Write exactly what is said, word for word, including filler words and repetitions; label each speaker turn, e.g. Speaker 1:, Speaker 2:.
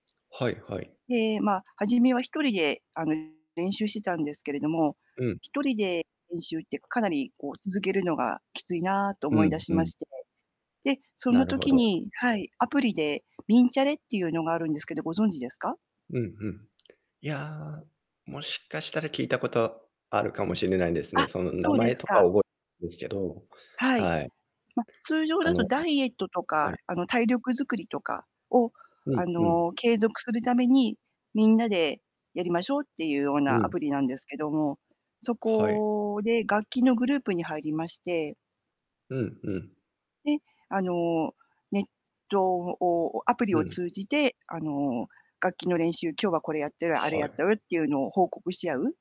Speaker 1: はいはい。
Speaker 2: で、ま、初めはひとりで、あの、練習してたんですけれども、
Speaker 1: うん。
Speaker 2: ひとりで練習って、かなり、こう、続けるのがきついなと
Speaker 1: う
Speaker 2: 思いだ
Speaker 1: ん、
Speaker 2: し
Speaker 1: う
Speaker 2: ま
Speaker 1: ん。
Speaker 2: して、で、そ
Speaker 1: な
Speaker 2: の
Speaker 1: るほ
Speaker 2: 時
Speaker 1: ど。
Speaker 2: にはい、アプリで「みんチャレ」っていうのがあるんですけど、ご存知ですか？
Speaker 1: うんうん。いや、もしかしたら聞いたことあるかもしれないんです
Speaker 2: あ、
Speaker 1: ね。その、名
Speaker 2: そうで
Speaker 1: 前
Speaker 2: す
Speaker 1: とか
Speaker 2: か。
Speaker 1: 覚えですけど。
Speaker 2: はい。
Speaker 1: はい。
Speaker 2: ま、通常
Speaker 1: あ
Speaker 2: だ
Speaker 1: の
Speaker 2: と
Speaker 1: ね
Speaker 2: ダイエットと
Speaker 1: は
Speaker 2: か、
Speaker 1: い。
Speaker 2: あの、体力作りとかを、
Speaker 1: うん
Speaker 2: あ
Speaker 1: うん。
Speaker 2: の、継続するために、みんなでやりましょうっていうよう
Speaker 1: う
Speaker 2: なア
Speaker 1: ん。
Speaker 2: プリなんですけども、そ
Speaker 1: はい。
Speaker 2: こで楽器のグループに入りまして
Speaker 1: うんうん。
Speaker 2: で、あの、ネットをアプリ
Speaker 1: う
Speaker 2: を
Speaker 1: ん。
Speaker 2: 通じて、あの、楽器の練習、今日はこれやってる、あれ
Speaker 1: は
Speaker 2: やっ
Speaker 1: い。
Speaker 2: てるっていうのを報告し合う。